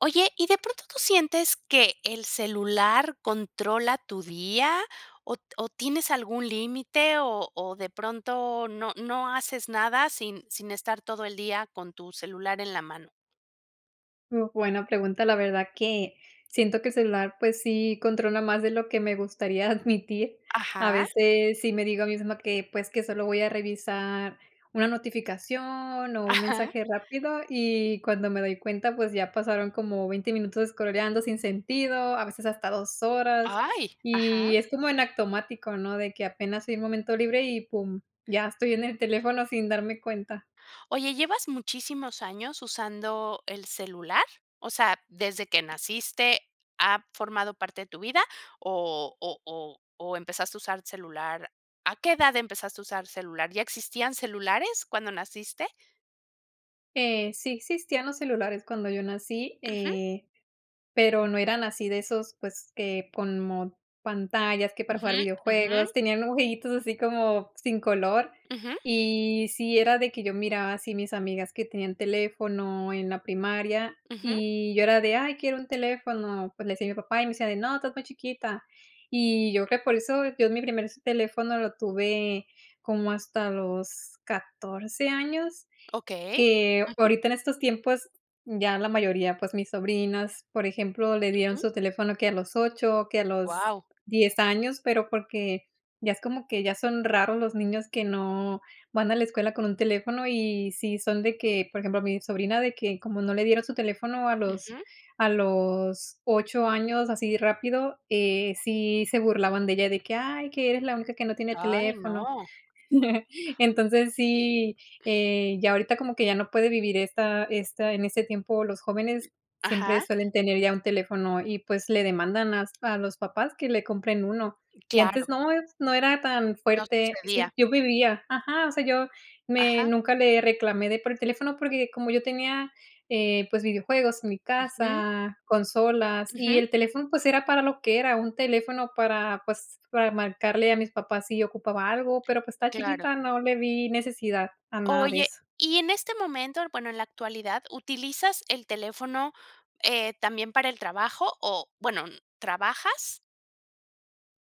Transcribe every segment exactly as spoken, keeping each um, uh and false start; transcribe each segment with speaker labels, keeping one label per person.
Speaker 1: Oye, ¿y de pronto tú sientes que el celular controla tu día o t o tienes algún límite o o de pronto no no haces nada sin sin estar todo el día con tu celular en la mano?
Speaker 2: Uh, buena pregunta. La verdad que, siento que el celular pues sí controla más de lo que me gustaría admitir. A
Speaker 1: Ajá.
Speaker 2: veces sí me digo a misma que, pues, que solo voy a revisar una notificación o un
Speaker 1: Ajá.
Speaker 2: mensaje rápido, y cuando me doy cuenta, pues ya pasaron como veinte minutos escroleando sin sentido, a veces hasta dos horas
Speaker 1: ¡Ay! Ajá.
Speaker 2: y es como en automático, ¿no? De que apenas hay un momento libre y pum, ya estoy en el teléfono sin darme cuenta.
Speaker 1: Oye, ¿llevas muchísimos años usando el celular? O sea, ¿desde que naciste ha formado parte de tu vida o o o o empezaste a usar celular? ¿A qué edad empezaste a usar celular? ¿Ya existían celulares cuando naciste?
Speaker 2: Eh, sí existían los celulares cuando yo nací,
Speaker 1: Ujú.
Speaker 2: eh, pero no eran así de esos, pues que como pantallas que para
Speaker 1: Ujú,
Speaker 2: jugar
Speaker 1: ujú.
Speaker 2: videojuegos tenían dibujitos así como sin color.
Speaker 1: Ujú.
Speaker 2: Y sí, era de que yo miraba así mis amigas que tenían teléfono en la primaria
Speaker 1: Ujú.
Speaker 2: y yo era de, ¡ay, quiero un teléfono!. Pues le decía a mi papá y me decía de no, estás muy chiquita, y yo creo por eso, yo mi primer teléfono lo tuve como hasta los catorce años,
Speaker 1: Okey.
Speaker 2: que
Speaker 1: Ujú.
Speaker 2: ahorita en estos tiempos ya la mayoría, pues mis sobrinas, por ejemplo, le dieron
Speaker 1: Ujú.
Speaker 2: su teléfono que a los ocho que a los
Speaker 1: Guau.
Speaker 2: diez años, pero porque ya es como que ya son raros los niños que no van a la escuela con un teléfono, y sí son de que, por ejemplo, mi sobrina de que como no le dieron su teléfono a los
Speaker 1: Ujú.
Speaker 2: a los ocho años así rápido, eh, sí se burlaban de ella de que ay, que eres la única que no tiene
Speaker 1: Ay,
Speaker 2: teléfono.
Speaker 1: no.
Speaker 2: Entonces sí, eh, ya ahorita como que ya no puede vivir esta esta, en este tiempo los jóvenes siempre
Speaker 1: Ajá.
Speaker 2: suelen tener ya un teléfono y pues le demandan hasta a los papás que le compren uno, y antes
Speaker 1: Claro.
Speaker 2: no es no era tan
Speaker 1: No
Speaker 2: fuerte. Sí,
Speaker 1: sucedía.
Speaker 2: yo vivía ajá, o sea, yo me
Speaker 1: Ajá.
Speaker 2: nunca le reclamé de por el teléfono porque como yo tenía, eh, pues videojuegos en mi
Speaker 1: Ujú.
Speaker 2: casa, consolas y
Speaker 1: Ujú.
Speaker 2: el teléfono, pues era para lo que era un teléfono para, pues, para marcarle a mis papás si ocupaba algo, pero pues estaba
Speaker 1: Claro.
Speaker 2: chiquita. No le vi necesidad a nada de
Speaker 1: Oye,
Speaker 2: eso.
Speaker 1: y en este momento, bueno, en la actualidad, ¿utilizas el teléfono, eh, también para el trabajo? O bueno, ¿trabajas?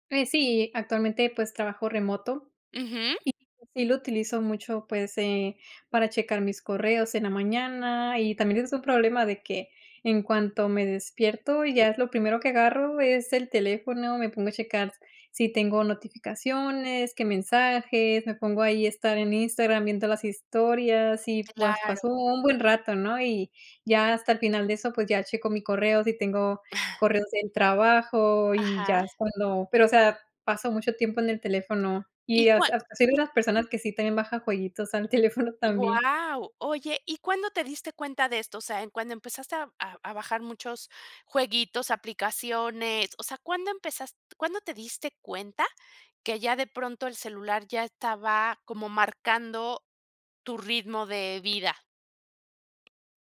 Speaker 2: Pues sí, actualmente, pues, trabajo remoto
Speaker 1: Ujú.
Speaker 2: y sí lo utilizo mucho, pues eh, para checar mis correos en la mañana y también es un problema de que, en cuanto me despierto y ya es lo primero que agarro es el teléfono, me pongo a checar s si tengo notificaciones, qué mensajes, me pongo ahí a estar en Instagram viendo las historias y pues, pasó
Speaker 1: Claro.
Speaker 2: un buen rato, ¿no? Y ya hasta el final de eso, pues ya checo mi correo, si tengo correos del trabajo y ya
Speaker 1: Ajá.
Speaker 2: es cuando pero, o sea, paso mucho tiempo en el teléfono
Speaker 1: ¿Y
Speaker 2: y, as
Speaker 1: cuál?
Speaker 2: ah, asi
Speaker 1: Y
Speaker 2: mira, personas que sí también baja jueguitos al teléfono también.
Speaker 1: Wao. Oye, ¿y cuándo te diste cuenta de esto? O sea, ¿en cuando empezaste a a bajar muchos, jueguitos, aplicaciones? O sea, ¿cuándo empezas cuándo te diste cuenta que, ya de pronto el celular ya estaba como marcando, tu ritmo de vida?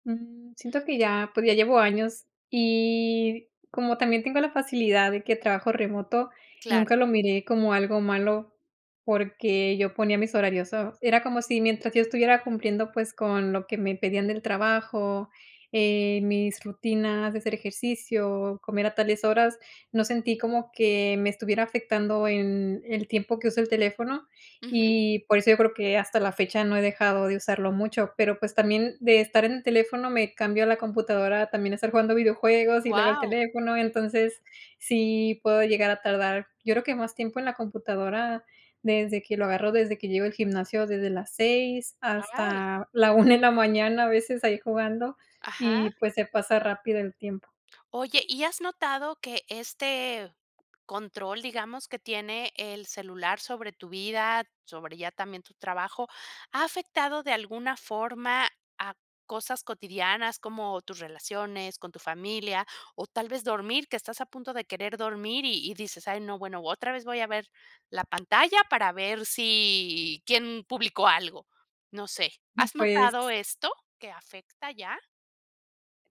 Speaker 2: Mm, siento que ya, pues, ya llevo años y como también tengo la facilidad de que trabajo remoto,
Speaker 1: Claro.
Speaker 2: nunca lo miré como algo malo, porque, yo ponía mis horarios, so era como si mientras yo estuviera cumpliendo, pues, con lo que me pedían del trabajo, eh, mis rutinas de hacer ejercicio, comer a tales horas, no sentí como que me estuviera afectando en, el tiempo que uso el teléfono.
Speaker 1: Ujú.
Speaker 2: Y por eso yo creo que hasta la fecha no he dejado de usarlo mucho, pero pues, también de estar en el teléfono me cambio la computadora también a estar jugando videojuegos y luego el
Speaker 1: Wao.
Speaker 2: teléfono, entonces, sí puedo llegar a tardar, yo creo que más tiempo en la computadora desde que lo agarro, desde que llego al gimnasio, desde las seis
Speaker 1: Ay.
Speaker 2: hasta la una en la mañana, a veces ahí jugando
Speaker 1: Ajá.
Speaker 2: y pues, se pasa rápido el tiempo.
Speaker 1: Oye, ¿y has notado que este, control, digamos que tiene el celular sobre tu vida, sobre ya también tu trabajo, ha afectado de alguna forma a cosas cotidianas como, tus relaciones con tu familia, o tal vez dormir? Que estás a punto de querer dormir y y dices: "Ay, no, bueno, otra vez voy a ver la pantalla para ver si, ¿quién publicó algo?". No sé, ¿has
Speaker 2: Pues
Speaker 1: notado esto, que afecta ya?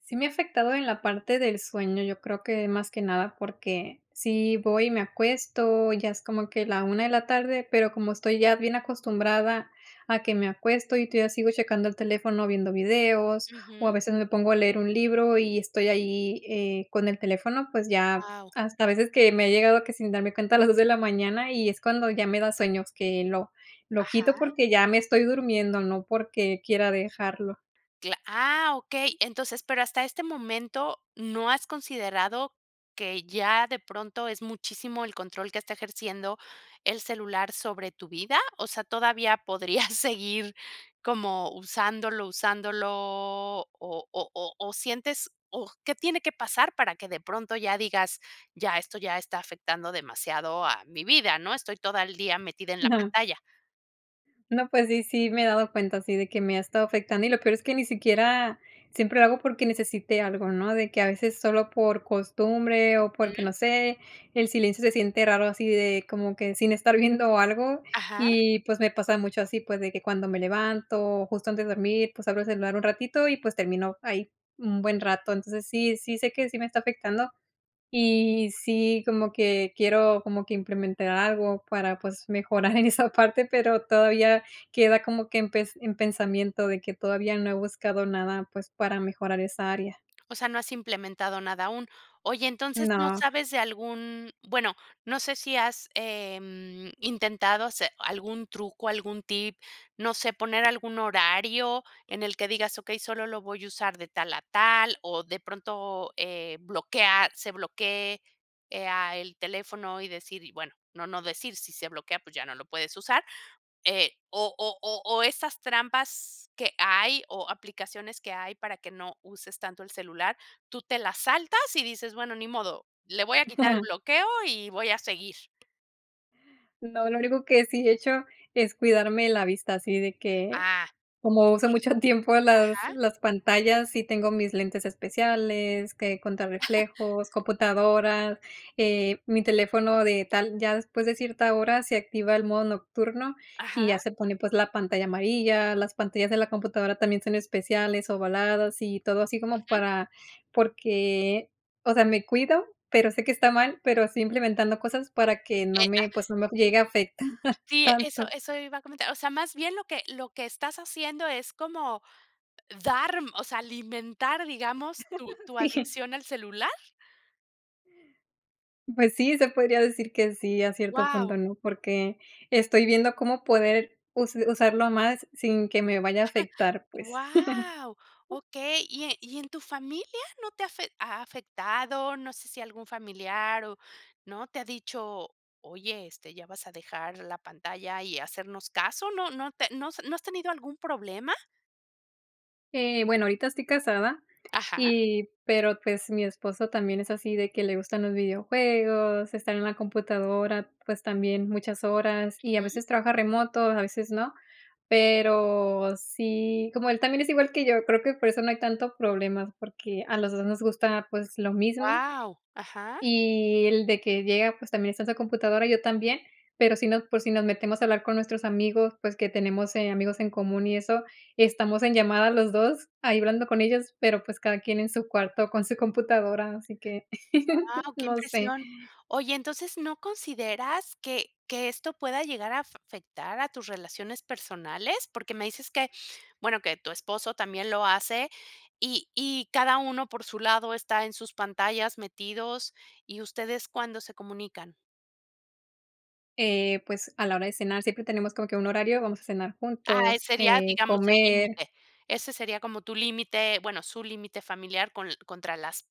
Speaker 2: Sí me ha afectado en la parte del sueño, yo creo que más que nada porque sí voy, me acuesto, ya es como que la una de la tarde, pero como estoy ya bien acostumbrada a que me acuesto y todavía sigo checando el teléfono viendo videos o a
Speaker 1: Ujú.
Speaker 2: veces me pongo a leer un libro y estoy ahí, eh, con el teléfono, pues ya
Speaker 1: Guau.
Speaker 2: hasta a veces que me he llegado que sin darme cuenta a las dos de la mañana y es cuando ya me da sueño es que lo lo quito
Speaker 1: Ajá.
Speaker 2: porque ya me estoy durmiendo, no porque quiera dejarlo.
Speaker 1: Cla ah, okey, entonces, pero hasta este momento, ¿no has considerado que ya de pronto es muchísimo el control que está ejerciendo el celular sobre tu vida? O sea, ¿todavía podrías seguir como usándolo usándolo o o o o sientes o qué tiene que pasar para que de pronto ya digas ya esto ya está afectando demasiado a mi vida, no?, estoy toda el día metida en la
Speaker 2: Ajá.
Speaker 1: pantalla.
Speaker 2: No, pues sí, sí, me he dado cuenta así de que me ha estado afectando, y lo peor es que ni siquiera siempre lo hago porque necesite algo, ¿no?, de que a veces solo por costumbre o porque
Speaker 1: Ujú.
Speaker 2: no sé, el silencio se siente raro así de como que sin estar viendo algo
Speaker 1: Ajá.
Speaker 2: y pues me pasa mucho así, pues, de que cuando me levanto o justo antes de dormir, pues abro el celular un ratito y pues termino ahí un buen rato, entonces sí, sí sé que sí me está afectando y sí, como que quiero como que implementar algo para pues mejorar en esa parte, pero todavía queda como que en pes en pensamiento de que todavía no he buscado nada, pues para mejorar esa área.
Speaker 1: O sea, no has implementado nada aún. Oye, entonces, ¿no
Speaker 2: No.
Speaker 1: sabes de algún? Bueno, no sé si has, em, intentado hacer algún truco, algún tip, no sé, poner algún horario en el que digas, okey, solo lo voy a usar de tal a tal o de pronto, eh, bloquear, se bloquee, eh, ah, el teléfono y decir bueno, no, no decir si se bloquea, pues ya no lo puedes usar. Eh, o o o o estas trampas que hay o aplicaciones que hay para que no uses tanto el celular, ¿tú te las saltas?, y dices bueno, ni modo, le voy a quitar el bloqueo y voy a seguir.
Speaker 2: No, lo único que sí he hecho es cuidarme la vista, así de que,
Speaker 1: Ah, okey.
Speaker 2: como uso mucho tiempo las
Speaker 1: Ajá.
Speaker 2: las pantallas, sí tengo mis lentes especiales que contra reflejos, computadoras, eh, mi teléfono de tal ya después de cierta hora se activa el modo nocturno y
Speaker 1: Ajá.
Speaker 2: ya se pone, pues, la pantalla amarilla. Las pantallas de la computadora también son especiales, ovaladas y todo así, como
Speaker 1: Ujú.
Speaker 2: para porque, o sea, me cuido, pero sé que está mal, pero estoy implementado cosas para que no
Speaker 1: Eh,
Speaker 2: me,
Speaker 1: ah
Speaker 2: pues, no me llegue a afectar
Speaker 1: Sí, eso,
Speaker 2: tanto.
Speaker 1: eso iba a comentar. O sea, más bien, ¿lo que lo que estás haciendo es como dar, mm, o sea, alimentar, digamos tu tu
Speaker 2: Sí.
Speaker 1: adicción al celular?
Speaker 2: Pues sí, se podría decir que sí, a cierto punto,
Speaker 1: Guau.
Speaker 2: ¿no? Porque estoy viendo cómo poder use usarlo más sin que me vaya a afectar, pues.
Speaker 1: ¡Guau! Okey. ¿Y e y en tu familia no te ha afe ha afectado? No sé si algún familiar o, ¿no?, te ha dicho: "Oye, este, ¿ya vas a dejar la pantalla y hacernos caso?". ¿No no te no se no has tenido algún problema?
Speaker 2: Eh, bueno, ahorita estoy casada
Speaker 1: Ajá.
Speaker 2: y pero, pues, mi esposo también es así de que le gustan los videojuegos, estar en la computadora, pues, también muchas horas y a
Speaker 1: Ujú.
Speaker 2: veces trabaja remoto, a veces no. Pero sí como él también es igual que yo, creo que por eso no hay tanto problema, porque a los dos nos gusta, pues lo mismo,
Speaker 1: Guau. Ajá.
Speaker 2: y él de que llega, pues, también está en su computadora, yo también, pero si no por si nos metemos a hablar con nuestros amigos, pues, que tenemos, eh, amigos en común y eso, estamos en llamada los dos ahí hablando con ellos, pero, pues, cada quien en su cuarto con su computadora, así que,
Speaker 1: Guau. Qué
Speaker 2: no sé.
Speaker 1: impresión. Oye, entonces, ¿no consideras que que esto pueda llegar afe afectar a tus relaciones personales? Porque me dices que, bueno, que tu esposo también lo hace y y cada uno por su lado está en sus pantallas metidos ¿y ustedes cuándo se comunican?
Speaker 2: Eh, pues, a la hora de cenar siempre tenemos como que un horario, vamos a cenar
Speaker 1: Ah, eh,
Speaker 2: juntos,
Speaker 1: sería,
Speaker 2: eh,
Speaker 1: digamos, el
Speaker 2: comer.
Speaker 1: límite, ese sería como tu límite, bueno, su límite familiar, con l contra las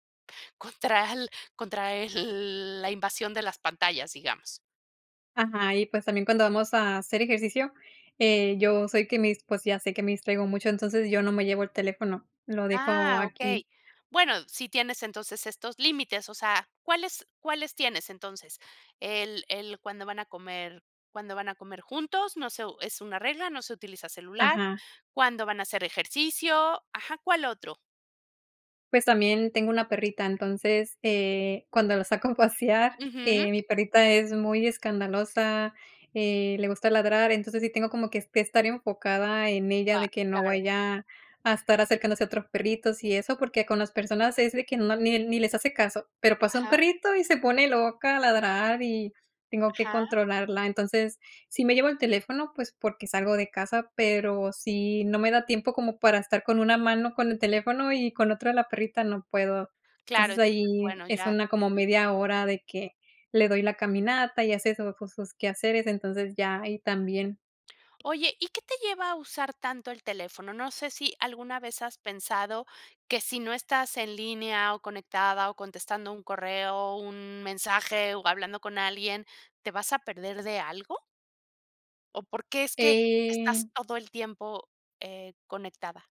Speaker 1: contra al contra el la invasión de las pantallas, digamos.
Speaker 2: Ajá. Y pues también cuando vamos a hacer ejercicio, eh, yo soy que mis pues ya sé que me distraigo mucho. Entonces yo no me llevo el teléfono, lo dejo
Speaker 1: Ah,
Speaker 2: aquí.
Speaker 1: okey. Bueno, sí tienes entonces estos límites, o sea, ¿cuáles cuáles tienes entonces? El el cuando van a comer cuando van a comer juntos, no sé u es una regla, no se utiliza celular,
Speaker 2: Ajá.
Speaker 1: cuándo van a hacer ejercicio, ajá, ¿cuál otro?
Speaker 2: Pues también tengo una perrita. Entonces, eh, cuando la saco a pasear,
Speaker 1: Ujú.
Speaker 2: eh, mi perrita es muy escandalosa, eh, le gusta ladrar. Entonces, sí tengo como que est estar enfocada en ella,
Speaker 1: Guau,
Speaker 2: de que no
Speaker 1: claro.
Speaker 2: vaya a estar acercándose a otros perritos y eso, porque con las personas es de que no ni ni les hace caso, pero pasa un
Speaker 1: Ajá.
Speaker 2: perrito y se pone loca, a ladrar y tengo que
Speaker 1: Ajá.
Speaker 2: controlarla. Entonces, sí me llevo el teléfono, pues porque salgo de casa, pero sí, no me da tiempo como para estar con una mano con el teléfono y con otra la perrita, no puedo.
Speaker 1: Claro.
Speaker 2: Entonces
Speaker 1: Entonces
Speaker 2: ahí
Speaker 1: bueno,
Speaker 2: es
Speaker 1: ya.
Speaker 2: una como
Speaker 1: Ujú.
Speaker 2: media hora de que le doy la caminata y hace su ju sus quehaceres. Entonces, ya ahí también.
Speaker 1: Oye, ¿y qué te lleva a usar tanto el teléfono? No sé, si alguna vez has pensado que si no estás en línea, o conectada o contestando un correo, un mensaje o hablando con alguien, ¿te vas a perder de algo? O, ¿por que es que estás
Speaker 2: Eh.
Speaker 1: todo el tiempo, eh, conectada?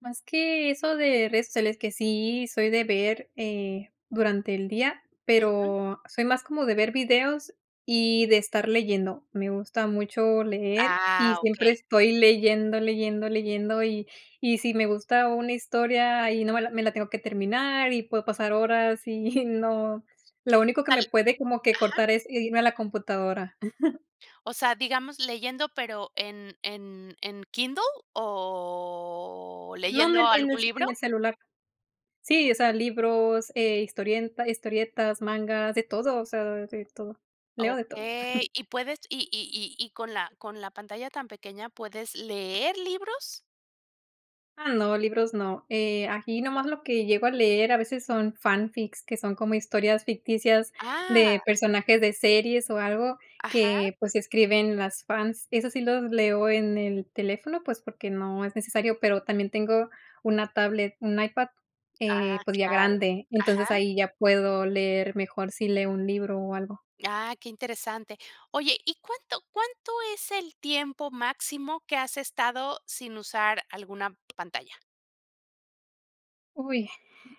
Speaker 2: Más que eso de redes sociales, que sí soy de ver, eh durante el día,
Speaker 1: Ujú.
Speaker 2: pero soy más como de ver videos y de estar leyendo. Me gusta mucho leer y
Speaker 1: Ah,
Speaker 2: siempre
Speaker 1: Okey.
Speaker 2: estoy leyendo, leyendo, leyendo y y si me gusta una historia y no me la me la tengo que terminar y puedo pasar horas y no, lo
Speaker 1: O
Speaker 2: único que
Speaker 1: tal
Speaker 2: me puede como que
Speaker 1: ajá.
Speaker 2: cortar, es irme a la computadora.
Speaker 1: O sea, digamos leyendo, pero, ¿en en en Kindle o
Speaker 2: No,
Speaker 1: leyendo
Speaker 2: nen en el
Speaker 1: algún
Speaker 2: en
Speaker 1: libro?
Speaker 2: el celular. Sí, o sea, libros, eh, historie historietas, mangas de todo. O sea, de todo. Leo de todo.
Speaker 1: Okey, ¿y puedes, y y y y con la con la pantalla tan pequeña puedes leer libros?
Speaker 2: Ah, no, libros no. Eh, aquí nomás lo que llego a leer a veces son fanfics, que son como historias ficticias
Speaker 1: Ah.
Speaker 2: de personajes de series o algo
Speaker 1: Ajá.
Speaker 2: que pues escriben las fans. Esos sí los leo en el teléfono, pues porque no es necesario, pero también tengo una tablet, un iPad, eh,
Speaker 1: Ah,
Speaker 2: pues ya
Speaker 1: claro.
Speaker 2: grande. Entonces
Speaker 1: Ajá.
Speaker 2: ahí ya puedo leer mejor si leo un libro o algo.
Speaker 1: Ah, qué interesante. Oye, ¿y cuánto cuánto es el tiempo máximo que has estado sin usar alguna pantalla?
Speaker 2: Uy,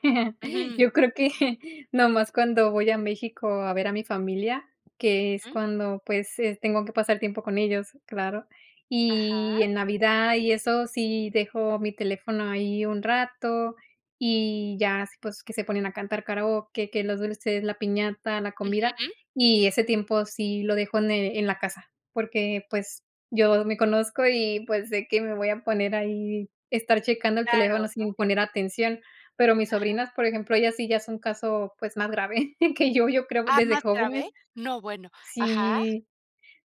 Speaker 1: Ujú.
Speaker 2: yo creo que nomás cuando voy a México a ver a mi familia, que es
Speaker 1: Mm.
Speaker 2: cuando pues es tengo que pasar tiempo con ellos, claro. Y
Speaker 1: Ajá.
Speaker 2: en navidad y eso sí, dejo mi teléfono ahí un rato y ya, así pues que se ponen a cantar karaoke. Que los dulces, la piñata, la comida
Speaker 1: Ujú.
Speaker 2: y ese tiempo sí lo dejo ene en la casa. Porque pues yo me conozco y pues sé que me voy a poner ahí, estar checando el teléfono
Speaker 1: Claro, ¿no?
Speaker 2: sin poner atención. Pero mis
Speaker 1: Ajá.
Speaker 2: sobrinas, por ejemplo, ellas sí ya es un caso, pues más grave que yo. Yo creo
Speaker 1: Ah,
Speaker 2: desde
Speaker 1: ¿más
Speaker 2: jóvenes,
Speaker 1: grave? No, bueno, ajá.
Speaker 2: sí.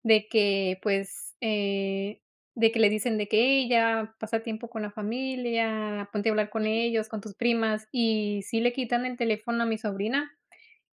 Speaker 2: De que pues eh, de que le dicen de que: "Hey ya pasa tiempo con la familia. Ponte a hablar con
Speaker 1: Mm.
Speaker 2: ellos, con tus primas". Y sí le quitan el teléfono a mi sobrina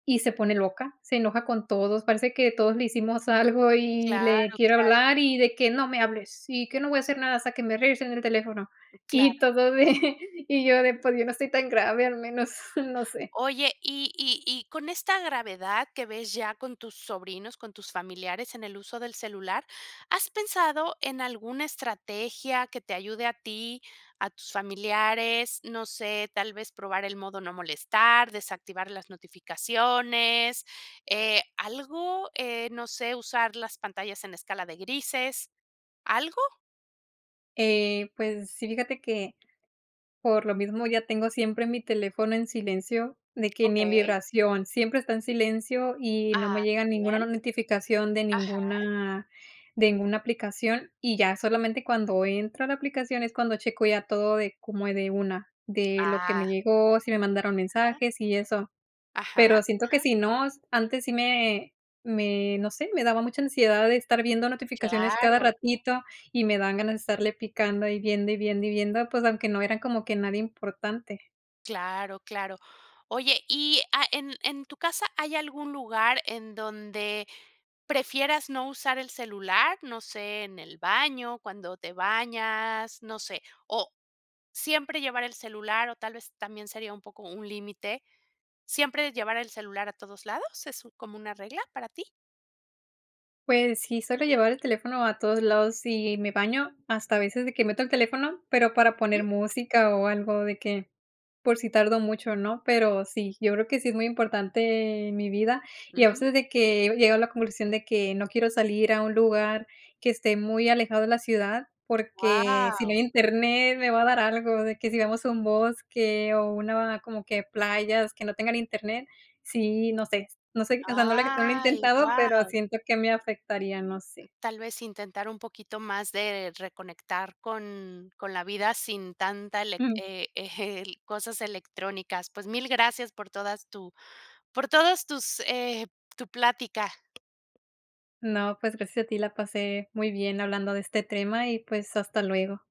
Speaker 2: y se pone loca, se enoja con todos. Parece que todos le hicimos algo y le
Speaker 1: Claro,
Speaker 2: quiero
Speaker 1: claro.
Speaker 2: hablar y de que: "¡No me hables! ¡Y que no voy a hacer nada hasta que me regresen el teléfono!"
Speaker 1: Claro.
Speaker 2: Y todo de y yo pues yo no estoy tan grave. Al menos no sé.
Speaker 1: Oye, y y y con esta gravedad que ves ya con tus sobrinos, con tus familiares en el uso del celular, ¿has pensado en alguna estrategia que te ayude a ti, a tus familiares? No sé, tal vez probar el modo no molestar, desactivar las notificaciones. Eh, ¿algo? Eh, no sé, usar las pantallas en escala de grises. ¿Algo?
Speaker 2: Eh, pues sí, fíjate que, por lo mismo ya tengo siempre mi teléfono en silencio, de que ni en
Speaker 1: Okey.
Speaker 2: vibración, siempre está en silencio y no me
Speaker 1: Ah,
Speaker 2: llega
Speaker 1: qué
Speaker 2: ninguna
Speaker 1: bien.
Speaker 2: notificación de
Speaker 1: Ajá.
Speaker 2: ninguna de ninguna aplicación y ya solamente cuando entro a la aplicación es cuando checo ya todo de como, eh, de una de lo que me
Speaker 1: Ah.
Speaker 2: llegó, si me mandaron
Speaker 1: Ajá.
Speaker 2: mensajes y eso,
Speaker 1: Ajá,
Speaker 2: pero siento que
Speaker 1: ajá.
Speaker 2: si no, antes sí me me no sé, me daba mucha ansiedad de estar viendo notificaciones cada
Speaker 1: Claro.
Speaker 2: ratito y me dan ganas de estarle picando y viendo, y viendo, y viendo, pues, aunque no era como que nadie importante.
Speaker 1: Claro, claro, oye, y, ah, en en tu casa, ¿hay algún lugar en donde prefieras no usar el celular?, no sé, en el baño, cuando te bañas, no sé, o siempre llevar el celular o tal vez también sería un poco un límite, ¿siempre llevar el celular a todos lados, es como una regla para ti?
Speaker 2: Pues sí, suelo llevar el teléfono a todos lados y me baño hasta a veces de que meto el teléfono, pero para poner
Speaker 1: Ujú.
Speaker 2: música o algo de que, por si tardo mucho, ¿no?, pero sí, yo creo que sí es muy importante en mi vida y a
Speaker 1: Ujú.
Speaker 2: veces de que he llegado a la conclusión de que no quiero salir a un lugar que esté muy alejado de la ciudad, porque sí no
Speaker 1: Guau.
Speaker 2: hay internet, me va a dar algo, de que sí vamos a un bosque o una como que playas que no tengan internet, sí, no sé, no sé, o sea, no lo no lo he
Speaker 1: Ay,
Speaker 2: intentado, pero
Speaker 1: wau.
Speaker 2: siento que me afectaría, no sé.
Speaker 1: Tal vez intentar un poquito más de reconectar con con la vida sin tanta elec,
Speaker 2: Mm.
Speaker 1: eh, eh, el, cosas electrónicas, pues, mil gracias por todas tu por todas tus, eh, tu plática.
Speaker 2: No, pues, gracias a ti, la pasé muy bien hablando de este tema y, pues, hasta luego.